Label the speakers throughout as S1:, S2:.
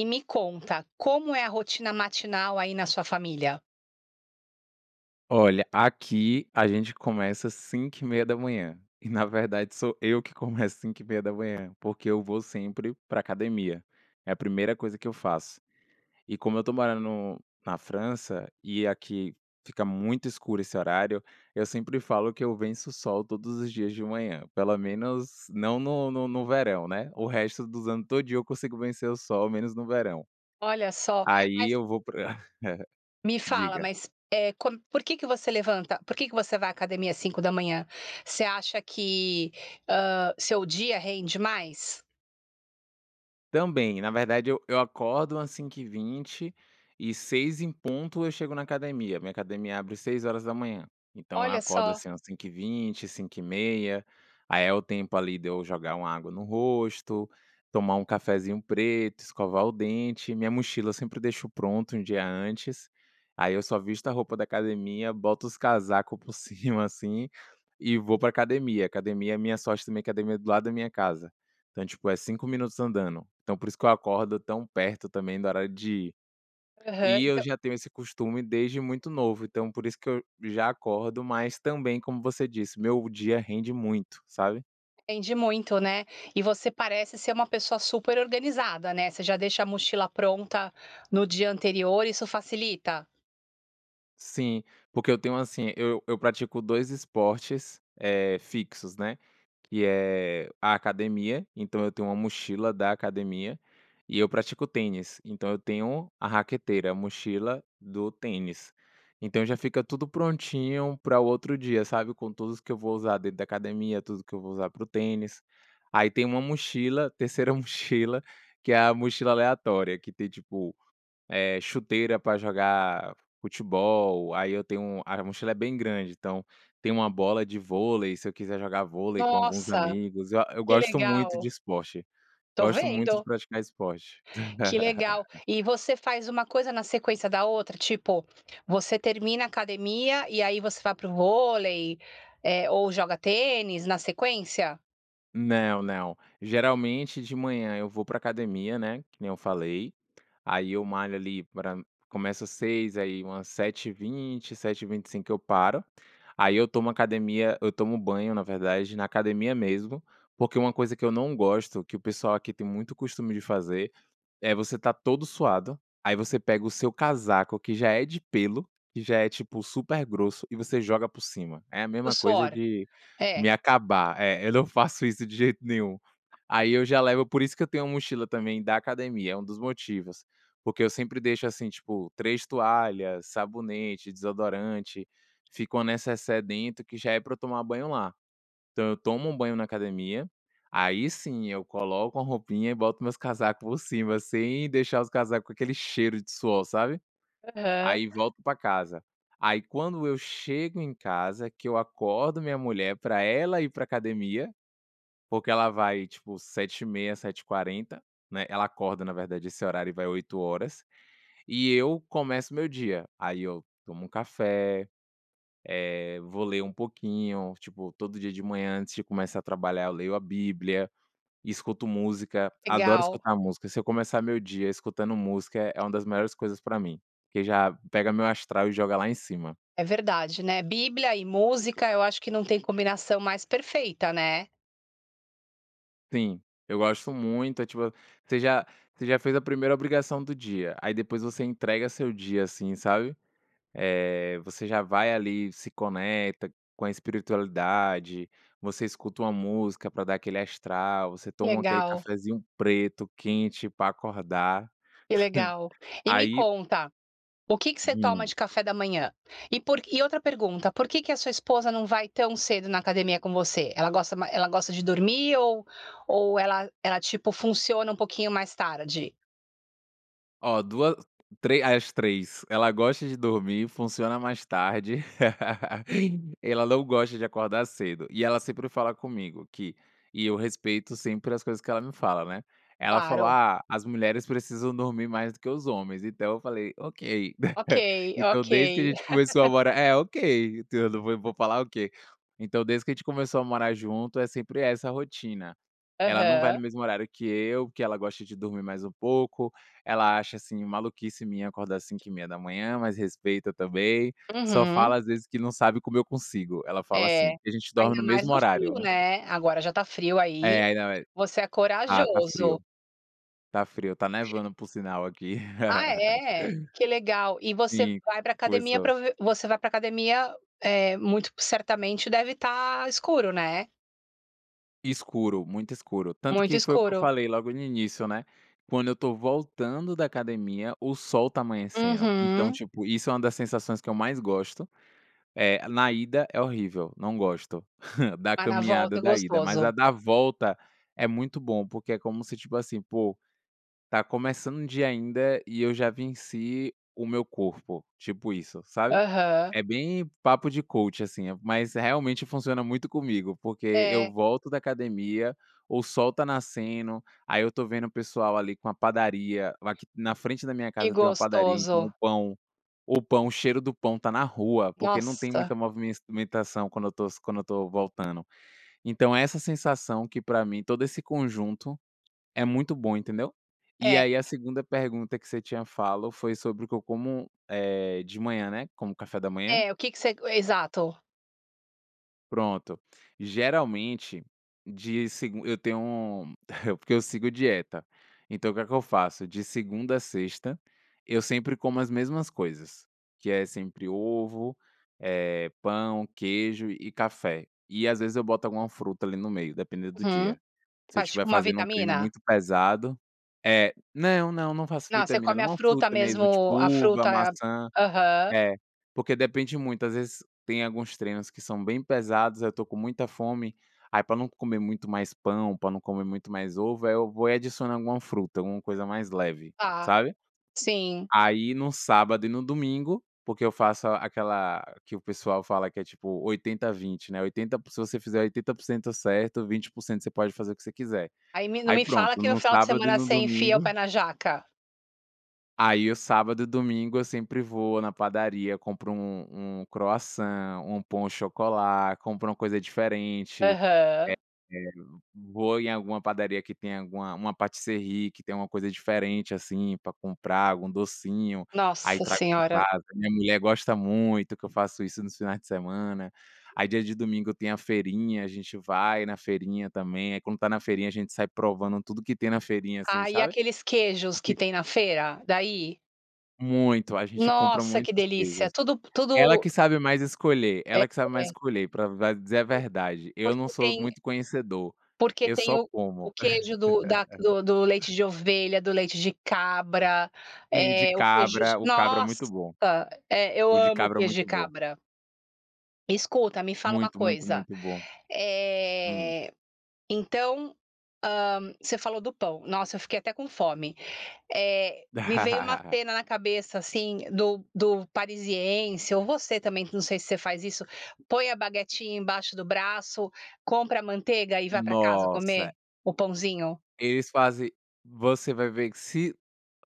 S1: E me conta, como é a rotina matinal aí na sua família?
S2: Olha, aqui a gente começa 5h30, e na verdade sou eu que começo 5h30, porque eu vou sempre pra academia, é a primeira coisa que eu faço, e como eu tô morando no na França e aqui fica muito escuro esse horário, eu sempre falo que eu venço o sol todos os dias de manhã, pelo menos não no no no verão, né, o resto dos ano todinho eu consigo vencer o sol, menos no verão,
S1: Olha só,
S2: aí
S1: mas
S2: eu vou pra
S1: Me fala,
S2: diga.
S1: mas, eh, com por que que você levanta? Por que que você vai à academia às 5h? Você acha que, hã, seu dia rende mais?
S2: Também. Na verdade, eu eu acordo umas 5h20 e 6h em ponto eu chego na academia, minha academia abre 6h, então eu
S1: Olha
S2: acordo,
S1: só!
S2: assim, umas 5h20, 5h30, aí é o tempo ali de eu jogar uma água no rosto, tomar um cafezinho preto, escovar o dente, minha mochila sempre deixo pronto um dia antes, aí eu só visto a roupa da academia, boto os casaco por cima, assim, e vou pra academia. Academia é minha sorte também academia é do lado da minha casa, então, tipo, é 5 minutos andando, então por isso que eu acordo tão perto também do horário de ir.
S1: Aham,
S2: E eu
S1: então
S2: já tenho esse costume desde muito novo, então por isso que eu já acordo, mas, também, como você disse, meu dia rende muito, sabe?
S1: Rende muito, né? E você parece ser uma pessoa super organizada, né? Você já deixa a mochila pronta no dia anterior, isso facilita?
S2: Sim, porque eu tenho, assim, eu eu pratico dois esportes, eh, fixos, né, que é a academia, então eu tenho uma mochila da academia. E eu pratico tênis, então eu tenho a raqueteira, a mochila do tênis. Então, já fica tudo prontinho para o outro dia, sabe, com tudo que eu vou usar dentro da academia, tudo que eu vou usar para o tênis. Aí tem uma mochila, a terceira mochila, que é a mochila aleatória, que tem, tipo, eh, chuteira pra jogar futebol, aí eu tenho a mochila é bem grande, então tem uma bola de vôlei, se eu quiser jogar vôlei com alguns
S1: Nossa,
S2: amigos. Eu eu
S1: que
S2: gosto muito de
S1: legal!
S2: esporte,
S1: Tô
S2: gosto muito de
S1: vendo.
S2: praticar esporte.
S1: Que legal. E você faz uma coisa na sequência da outra? Tipo, você termina a academia e aí você vai para o vôlei, eh, ou joga tênis, na sequência?
S2: Não, não, geralmente de manhã eu vou pra academia, né, que nem eu falei. Aí eu malho ali pra começo às 6h, aí umas 7h20, 7h25 eu paro. Aí eu tomo academia eu tomo banho, na verdade, na academia mesmo, porque uma coisa que eu não gosto, que o pessoal aqui tem muito costume de fazer, é você estar todo suado, aí você pega o seu casaco que já é de pêlo, que já é, tipo, super grosso, e você joga por cima. É a
S1: O
S2: mesma coisa
S1: suor,
S2: de
S1: é.
S2: me acabar, eh, eu não faço isso de jeito nenhum. Aí eu já levo por isso que eu tenho uma mochila também da academia, é um dos motivos. Porque eu sempre deixo assim, tipo, 3 toalhas, sabonete, desodorante, fica uma necessaire dentro que já é pra eu tomar banho lá. Então, eu tomo um banho na academia, aí sim eu coloco uma roupinha e boto meus casaco por cima, sem deixar os casaco com aquele cheiro de suor, sabe.
S1: Aham.
S2: Aí volto pra casa e aí, quando eu chego em casa, que eu acordo minha mulher pra ela ir pra academia, porque ela vai, tipo, 7h30, 7h40, né. Ela acorda, na verdade, esse horário e vai 8h, e eu começo o meu dia. Aí eu tomo um café, eh, vou ler um pouquinho, tipo, todo dia de manhã, antes de começar a trabalhar, eu leio a bíblia, escuto música, adoro
S1: Legal.
S2: escutar música. Se eu começar meu dia escutando música, é uma das melhores coisas pra mim, porque já pega meu astral e joga lá em cima.
S1: É verdade, né? Bíblia e música, eu acho que não tem combinação mais perfeita, né?
S2: Sim, eu gosto muito, eh, tipo, você já você já fez a primeira obrigação do dia, aí depois você entrega seu dia, assim, sabe? Eh, você já vai ali, se conecta com a espiritualidade, você escuta uma música pra dar aquele astral, você toma aquele
S1: Legal.
S2: cafézinho preto quente pra acordar,
S1: Que legal. E me
S2: aí
S1: conta, o que que você toma
S2: Hum.
S1: de café da manhã? E por e, outra pergunta, por que que a sua esposa não vai tão cedo na academia com você? Ela gosta ma ela gosta de dormir ou ou ela ela tipo funciona um pouquinho mais tarde?
S2: Oh, 2, tre as 3, ela gosta de dormir, funciona mais tarde, ela não gosta de acordar cedo, e ela sempre fala comigo que e eu respeito sempre as coisas que ela me fala, né? Ela falou:
S1: Claro.
S2: "Ah, as mulheres precisam dormir mais do que os homens", então eu falei: "ok".
S1: Ok,
S2: Então,
S1: ok.
S2: desde que a gente começou a morar é, ok, [unintelligible] eu nã vou vou falar o quê? Então, desde que a gente começou a morar junto, é sempre essa rotina, ela não vai no
S1: Aham.
S2: mesmo horário que eu, porque ela gosta de dormir mais um pouco, ela acha, assim, maluquice minha acordar 5h30, mas respeita também, só fala
S1: Uhum.
S2: às vezes que não sabe como eu consigo. Ela fala assim
S1: É,
S2: porque a gente dorme
S1: ainda
S2: no
S1: mais
S2: mesmo
S1: no frio,
S2: horário, né.
S1: né? Agora já tá frio aí.
S2: Eh, aí não
S1: Você é
S2: a ah, tá
S1: corajoso!
S2: frio, tá frio. Tá nevando por sinal aqui.
S1: Ah é? Que legal. E você
S2: Sim,
S1: vai pra academia
S2: começou.
S1: pra ve você vai para academia, eh, muito certamente deve ta escuro, né?
S2: Escuro, muito escuro, tanto
S1: Muito
S2: que foi o que eu
S1: escuro.
S2: falei logo no início, né, quando eu tô voltando da academia, o sol tá amanhecendo, então
S1: Uhum.
S2: tipo, isso é uma das sensações que eu mais gosto. Eh, na ida é horrível, não gosto, da
S1: Mas na volta
S2: caminhada
S1: é
S2: da ida mas
S1: gostoso.
S2: a da volta é muito bom porque é como se, tipo assim: "Pô, tá começando o dia ainda e eu já venci o meu corpo." Tipo isso sabe?
S1: Aham.
S2: É bem papo de coach, assim, mas realmente funciona muito comigo, porque eu
S1: É.
S2: volto da academia, o sol tá nascendo, aí eu tô vendo o pessoal ali com a padaria, aqui na frente da minha
S1: Que
S2: casa tem uma padaria, então o
S1: gostoso.
S2: pão, o pão o cheiro do pão tá na rua, porque não tem
S1: Nossa!
S2: muita movimença mentação quando eu tô quando eu estou voltando. Então é essa sensação que pra mim todo esse conjunto, é muito bom entendeu? E
S1: É.
S2: aí, a segunda pergunta que você tinha falo foi sobre o que eu como, eh, de manhã, né? Como café da manhã?
S1: É, o que que você g exato.
S2: Pronto, geralmente, de segun eu tenho porque eu sigo dieta, então o que é que eu faço? De segunda à sexta, eu sempre como as mesmas coisas, que é sempre ovo, eh, pão, queijo e café, e às vezes eu boto alguma fruta ali no meio dependendo do
S1: Uhum,
S2: dia. Se eu
S1: faz
S2: tiver
S1: tipo uma
S2: fazendo um treino
S1: vitamina?
S2: muito pesado eh, não não não faço
S1: Não, você
S2: vitamina,
S1: come
S2: não é
S1: a
S2: uma
S1: fruta
S2: fruta mesmo tipo
S1: mesmo a
S2: uva,
S1: fruta,
S2: maçã,
S1: aham.
S2: é, porque depende muito às vezes tem alguns treinos que são bem pesados aí eu estou com muita fome, aí pra não comer muito mais pão, pra não comer muito mais ovo, aí eu vou e adiciono alguma fruta, alguma coisa mais leve,
S1: Tá,
S2: sabe?
S1: sim.
S2: Aí no sábado e no domingo, porque eu faço aquela que o pessoal fala que é tipo 80 20, né, 80 se você fizer 80% certo, 20% você pode fazer o que você quiser,
S1: Aí me não
S2: aí
S1: me
S2: pronto,
S1: fala que no
S2: no
S1: final de
S2: sábado e
S1: semana
S2: no
S1: você enfia o pé
S2: domingo
S1: na jaca?
S2: aí o sábado e domingo eu sempre vou na padaria, compro um um croissant, um pain au chocolat, compro uma coisa diferente,
S1: Aham.
S2: eh eh, vou em alguma padaria que tenha alguma uma pâtisserie que tenha uma coisa diferente, assim, pra comprar, algum docinho, aí
S1: Nossa
S2: trago pra
S1: senhora!
S2: casa, minha mulher gosta muito que eu faço isso nos finais de semana, aí dia de domingo tem a feirinha, a gente vai na feirinha também, aí quando tá na feirinha a gente sai provando tudo que tem na feirinha, assim,
S1: Ah, e
S2: sabe?
S1: aqueles
S2: O
S1: queijos que
S2: que
S1: tem na feira, daí?
S2: Muito, a gente compra
S1: Nossa que
S2: muitos
S1: delícia,
S2: queijos.
S1: tudo p
S2: Ela
S1: tudo
S2: que sabe mais escolher ela que sabe mais
S1: [unintelligible]
S2: escolher pra va dizer a verdade,
S1: [unintelligible]
S2: eu não
S1: Porque
S2: sou
S1: tem
S2: muito conhecedor,
S1: Porque
S2: eu
S1: tem
S2: só
S1: o o
S2: como.
S1: queijo do da do do leite de ovelha, do leite de cabra,
S2: Sim, o de
S1: eh, o queijo
S2: cabra, o cabra é
S1: nossa,
S2: muito bom.
S1: é eu
S2: O de
S1: amo
S2: cabra é
S1: queijo de
S2: muito bom.
S1: cabra. Escuta, me fala uma
S2: Muito, muito,
S1: coisa.
S2: muito bom. Hum.
S1: Eh, então, hã, você falou do pão, nossa eu fiquei até com fome. Eh, me veio uma tena na cabeça assim do do parisiense ou você também que não sei se você faz isso, põe a baguetinha embaixo do braço, compra a manteiga e vai pra casa comer
S2: Nossa.
S1: o pãozinho.
S2: Eles fazem você vai ver que se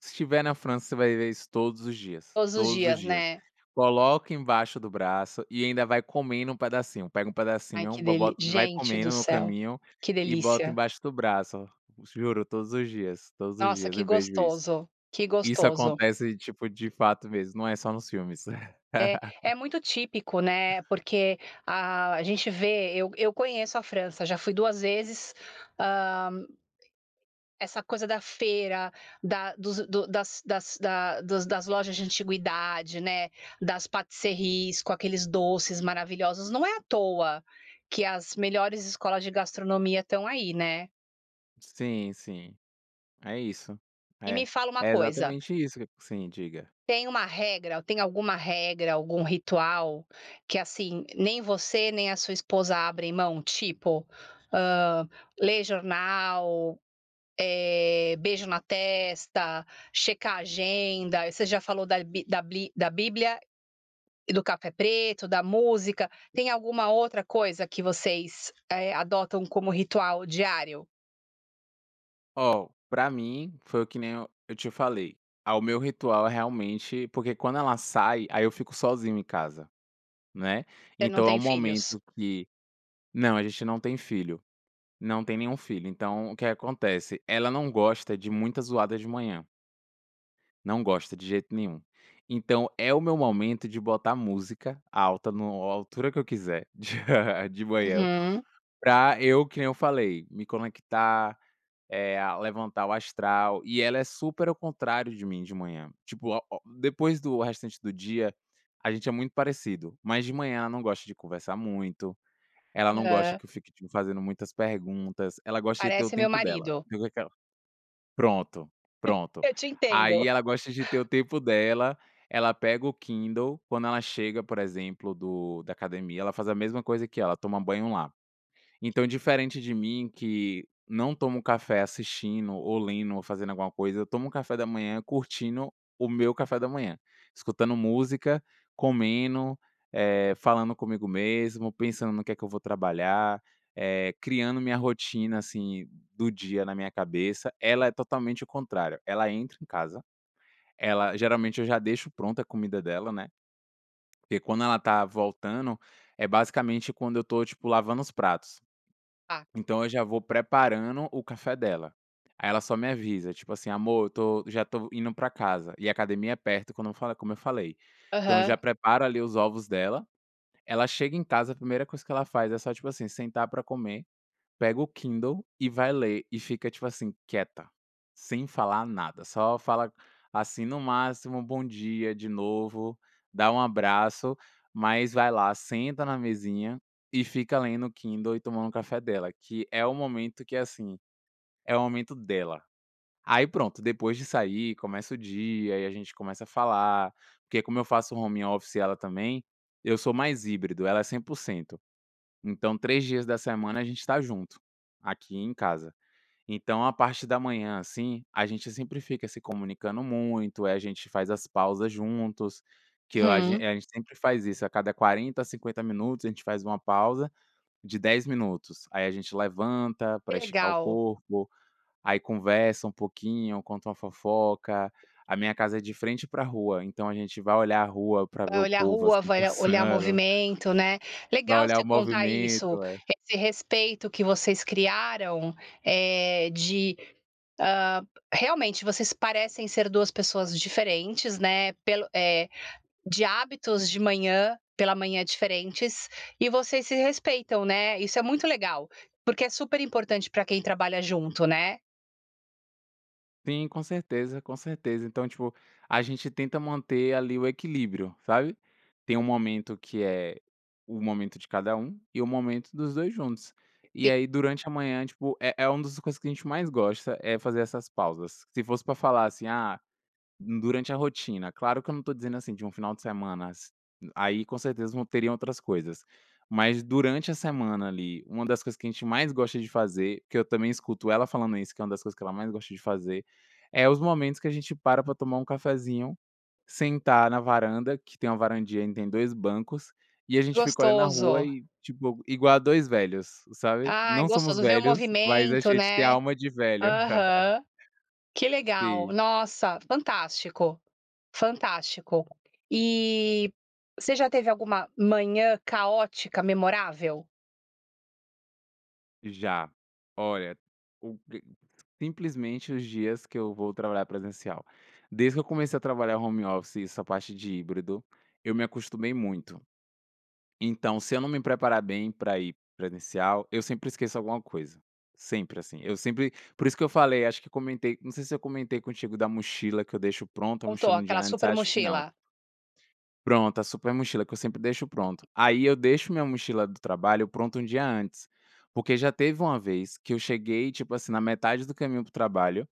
S2: se estiver na França, você vai ver isso todos os dias,
S1: Todos os
S2: todos os
S1: dias,
S2: dias.
S1: né.
S2: Coloca embaixo do braço, e ainda vai comendo um pedacinho, pega um
S1: Ai
S2: pedacinho,
S1: que
S2: bo
S1: deli
S2: bota vai
S1: gente do
S2: comendo no
S1: céu,
S2: caminho,
S1: que
S2: e bota
S1: delícia.
S2: embaixo do braço, juro, todos os dias, todos os
S1: Nossa,
S2: dias
S1: que
S2: eu vejo isso.
S1: gostoso, que
S2: Isso
S1: gostoso.
S2: acontece tipo de fato mesmo, não é só nos filmes.
S1: É, é muito típico, né, porque a a gente vê, eu eu conheço a França, já fui 2 vezes, hã Essa coisa da feira, da dos do das das dos das lojas de antiguidade, né, das patisserries com aqueles doces maravilhosos, não é à toa que as melhores escolas de gastronomia estão aí, né.
S2: Sim, sim. É isso.
S1: E me
S2: É,
S1: fala uma
S2: é
S1: coisa
S2: exatamente isso que Sim, diga.
S1: Tem uma regra ou tem alguma regra, algum ritual que, assim, nem você nem a sua esposa abrem mão? Tipo, hã, lê jornal, eh, beijo na testa, checar a agenda, você já falou da bi da bli da bíblia e do café preto, da música, tem alguma outra coisa que vocês, eh, adotam como ritual diário?
S2: Ó, pra mim, foi o que nem eu eu te falei, ao meu ritual, realmente porque quando ela sai, aí eu fico sozinho em casa, né,
S1: Você não
S2: então é o
S1: tem filhos?
S2: momento que Não a gente não tem filho, não tem nenhum filho, então o que que acontece, ela não gosta de muita zoada de manhã. Não gosta de jeito nenhum. Então é o meu momento de botar música alta no a altura que eu quiser, de manhã,
S1: Uhum.
S2: pra eu que nem eu falei, me conectar, eh a levantar o astral. E ela é super ao contrário de mim de manhã. Tipo o o depois, do restante do dia a gente é muito parecido, mas de manhã ela não gosta de conversar muito, ela não gosta
S1: Hã.
S2: que eu fique, tipo, fazendo muitas perguntas, ela gosta de ter o
S1: Parece meu
S2: tempo dela,
S1: marido.
S2: fica aquela Pronto, pronto,
S1: Eu te
S2: aí
S1: entendo.
S2: ela gosta de ter o tempo dela. Ela pega o Kindle quando ela chega, por exemplo, do da academia, ela faz a mesma coisa que eu, ela toma banho lá. Então, diferente de mim, que não tomo café assistindo ou lendo ou fazendo alguma coisa, eu tomo o café da manhã curtindo o meu café da manhã, escutando música, comendo, eh, falando comigo mesmo, pensando no que é que eu vou trabalhar, eh, criando minha rotina assim do dia na minha cabeça. Ela é totalmente o contrário. Ela entra em casa, ela geralmente eu já deixo pronta a comida dela, né. Porque quando ela está voltando, é basicamente quando eu estou, tipo, lavando os pratos.
S1: Tá.
S2: Então eu já vou preparando o café dela. Aí ela só me avisa, tipo assim: "Amor eu tô já tô indo pra casa." E a academia é perto, quando eu falo é como eu falei. Então eu
S1: Aham.
S2: já preparo ali os ovos dela. Ela chega em casa, a primeira coisa que ela faz é só, tipo assim, sentar pra comer, pega o Kindle e vai ler, e fica, tipo assim, quieta, sem falar nada. Só fala, assim, no máximo um bom dia de novo, dá um abraço, mas vai lá, senta na mesinha e fica lendo o Kindle e tomando o café dela, que é o momento que, assim, é o momento dela. Aí pronto, depois disso aí começa o dia e a gente começa a falar. Porque, como eu faço home office e ela também, eu sou mais híbrido, ela é 100%, então 3 dias da semana a gente tá junto, aqui em casa. Então a parte da manhã, assim, a gente sempre fica se comunicando muito. Aí a gente faz as pausas juntos, que eu a gen
S1: Uhum.
S2: a gente sempre faz isso. A cada 40 a 50 minutos a gente faz uma pausa de 10 minutos. Aí a gente levanta pra
S1: Que
S2: esticar o
S1: legal.
S2: corpo, aí conversa um pouquinho, conta uma fofoca. A minha casa é de frente pra rua, então a gente vai olhar a rua pra ver
S1: Vai
S2: o
S1: olhar
S2: povo,
S1: rua,
S2: assim,
S1: vai a olhar
S2: passando.
S1: movimento, né.
S2: Vai
S1: Legal
S2: olhar o
S1: você contar isso,
S2: movimento, é.
S1: esse respeito que vocês criaram, eh, de hã, realmente vocês parecem ser duas pessoas diferentes, né, pelo eh, de hábitos de manhã pela manhã diferentes e vocês se respeitam, né, isso é muito legal, porque é super importante pra quem trabalha junto, né.
S2: Sim, com certeza, com certeza. Então tipo, a gente tenta manter ali o equilíbrio, sabe. Tem o momento que é, o momento de cada um e o momento dos 2 juntos, e aí
S1: [unintelligible]
S2: durante a manhã tipo é é uma das coisas que a gente mais gosta é fazer essas pausas, se fosse pra falar assim, ah, durante a rotina, claro que eu não estou dizendo, assim, de um final de semanas, aí com certeza vão teria outras coisas, mas durante a semana ali, uma das coisas que a gente mais gosta de fazer, que eu também escuto ela falando isso que é uma das coisas que ela mais gosta de fazer, é os momentos que a gente para pra tomar um cafezinho, sentar na varanda que tem uma varandinha e tem 2 bancos, e a gente fica olhando a rua
S1: Gostoso.
S2: e tipo igual a 2 velhos, sabe?
S1: Ai
S2: Não somos
S1: gostoso, ver o
S2: velhos, mas a
S1: movimento,
S2: gente tem a
S1: né?
S2: alma de velho.
S1: Aham. Que legal.
S2: Sim.
S1: Nossa, fantástico, fantástico. E você já teve alguma manhã caótica, memorável?
S2: Já. Olha, o pre simplesmente os dias que eu vou trabalhar presencial. Desde que eu comecei a trabalhar home office e essa parte de híbrido, eu me acostumei muito. Então se eu não me preparar bem pra ir presencial, eu sempre esqueço alguma coisa. Sempre assim, eu sempre, por isso que eu falei acho que comentei não sei se eu comentei contigo da mochila que eu deixo pronto a
S1: Contou,
S2: mochila um dia
S1: aquela
S2: antes,
S1: super
S2: acho que não.
S1: mochila.
S2: Pronto, a super mochila que eu sempre deixo pronto. Aí eu deixo minha mochila do trabalho pronta um dia antes, porque já teve uma vez que eu cheguei, tipo assim, na metade do caminho pro trabalho,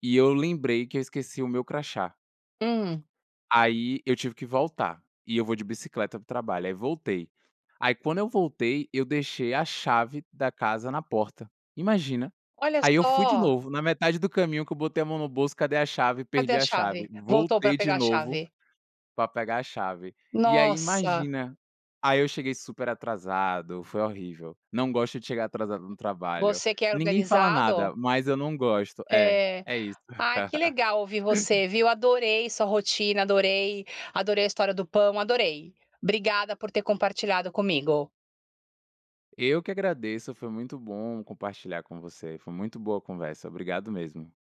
S2: e eu lembrei que eu esqueci o meu crachá.
S1: Hum.
S2: Aí eu tive que voltar, e eu vou de bicicleta pro trabalho aí voltei. Aí quando eu voltei eu deixei a chave da casa na porta. Imagina?
S1: Olha
S2: Aí eu fui de
S1: só.
S2: novo na metade do caminho que eu botei a mão no bolso cadê a chave?
S1: Cadê
S2: Perdi
S1: a
S2: a
S1: chave?
S2: chave,
S1: Voltou pra
S2: voltei de
S1: pegar a
S2: novo,
S1: chave.
S2: pra pegar a chave, e aí
S1: Nossa.
S2: imagina, aí eu cheguei super atrasado, foi horrível, não gosto de chegar atrasado no trabalho,
S1: Você que é
S2: ninguém fala
S1: organizado.
S2: nada, mas eu não gosto, é,
S1: É,
S2: é isso.
S1: ai que legal ouvir você viu, adorei sua rotina, adorei, adorei a história do pão, adorei. Obrigada por ter compartilhado comigo.
S2: Eu que agradeço, foi muito bom compartilhar com você foi muito boa a conversa obrigado mesmo.